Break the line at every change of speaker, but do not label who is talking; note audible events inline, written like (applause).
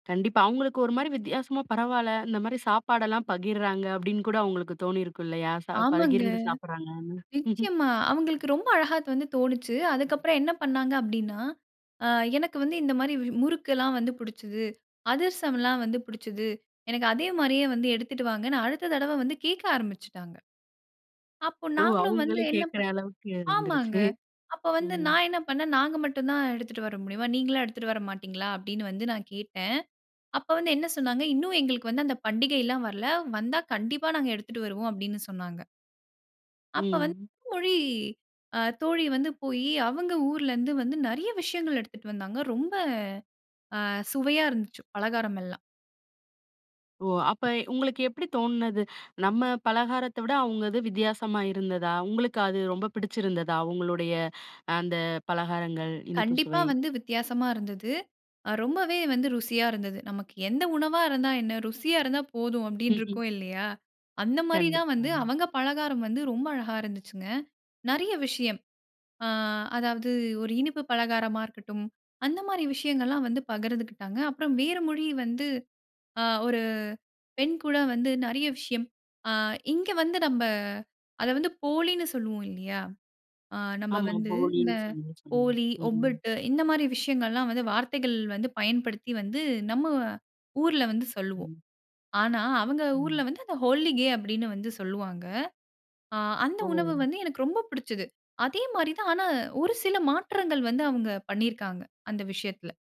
கண்டிப்பா. அவங்களுக்கு ஒரு மாரி வித்தியாசமா, "பரவால்ல, இந்த மாரி சாப்பாடெல்லாம் பகிர்றாங்க." அப்படீன்னு கூட அவங்களுக்கு தோணியிருக்கும் இல்லையா? சாப்
ஆமாங்க.
பகிர்ந்து சாப்பிடுறாங்கன்னு. (chuckles)
நிச்சயமா. அவங்களுக்கு ரொம்ப அழகா அது வந்து தோணுச்சு. அதுக்கப்பறம் என்ன பண்ணாங்க அப்படீன்னா, அ எனக்கு வந்து இந்த மாரி வ் முறுக்கு எல்லாம் வந்து புடிச்சுது. அதிரசமல்லாம் வந்து புடிச்சுது. எனக்கு அதே மாரியே வந்து எடுத்துட்டு வாங்கன்னு, அடுத்த தடவ வந்து கேட்க ஆரம்பிச்சுட்டாங்க. அப்போ
ஓ!
நாங்களும் வந்து
அவங்களே
என்னப்
கேட்கிற அளவுக்கு அது
ஆமாங்க.
வந்துருச்சு.
அப்ப வந்து
ம்.
நா என்ன பண்ணேன், "நாங்க மட்டும் தான் எடுத்துட்டு வர முடியுமா? நீங்களும் எடுத்துட்டு வர மாட்டீங்களா?" அப்படீன்னு வந்து நா கேட்டேன். அப்ப வந்து என்ன சொன்னாங்க, "இன்னும் எங்களுக்கு வந்து அந்த பண்டிகைலாம் வரல. வந்தா கண்டிப்பா நாங்க எடுத்துட்டு வருவோம்." அப்படீன்னு சொன்னாங்க. அப்ப வந்து
ம்.
மொழி அ தோழி வந்து போயி, அவங்க ஊர்ல இருந்து வந்து நெறைய விஷயங்கள் எடுத்துட்டு வந்தாங்க. ரொம்ப அ சுவையா இருந்துச்சு பலகாரம் எல்லாம்.
ஓ! அப்ப உங்களுக்கு எப்படி தோணுனது? நம்ம பலகாரத்த விட அவங்க இது வித்தியாசமா இருந்ததா? உங்களுக்கு அது ரொம்ப பிடிச்சிருந்ததா, அவங்களுடைய அந்த பலகாரங்கள், இனிப்பு
கண்டிப்பா
சுவை?
வந்து வித்தியாசமா இருந்தது. அ ரொம்பவே வந்து ருசியா இருந்தது. "நமக்கு எந்த உணவா இருந்தா என்ன? ருசியா இருந்தா போதும்." அப்படீன்னு
(laughs)
இருக்கும் இல்லையா? அந்த மாரி தான் வந்து
கண்டிப்பாங்க.
அவங்க பலகாரம் வந்து ரொம்ப அழகா இருந்துச்சுங்க. நெறைய விஷயம். ஆ அதாவது ஒரு இனிப்பு பலகாரமா இருக்கட்டும், அந்த மாரி விஷயங்கள்லாம் வந்து பகிர்ந்துகிட்டாங்க. அப்பறம் வேற மொழி வந்து ஆ ஒரு பெண் கூட வந்து நெறைய விஷயம் அ இங்க வந்து நம்ப அத வந்து போலின்னு சொல்லுவோம் இல்லையா? அ நம்ம
ஆமா
வந்து இந்த
போலின்னு
ஓலி,
(unintelligible) ம்.
ஒப்பட்டு இந்த மாரி விஷயங்கள்லாம் வந்து வார்த்தைகள் வந்து பயன்படுத்தி வந்து நம்ம ஊர்ல வந்து சொல்லுவோம்.
ம்.
ஆனா அவங்க ஊர்ல
ம்.
வந்து அத 'ஹோலி கே' அப்படீன்னு வந்து சொல்லுவாங்க. ஆ அந்த
ஓ!
உணவு வந்து எனக்கு ரொம்ப புடிச்சது. அதே மாரி தான், ஆனா ஒரு சில மாற்றங்கள் வந்து அவங்க பண்ணியிருக்காங்க, அந்த விஷயத்தில.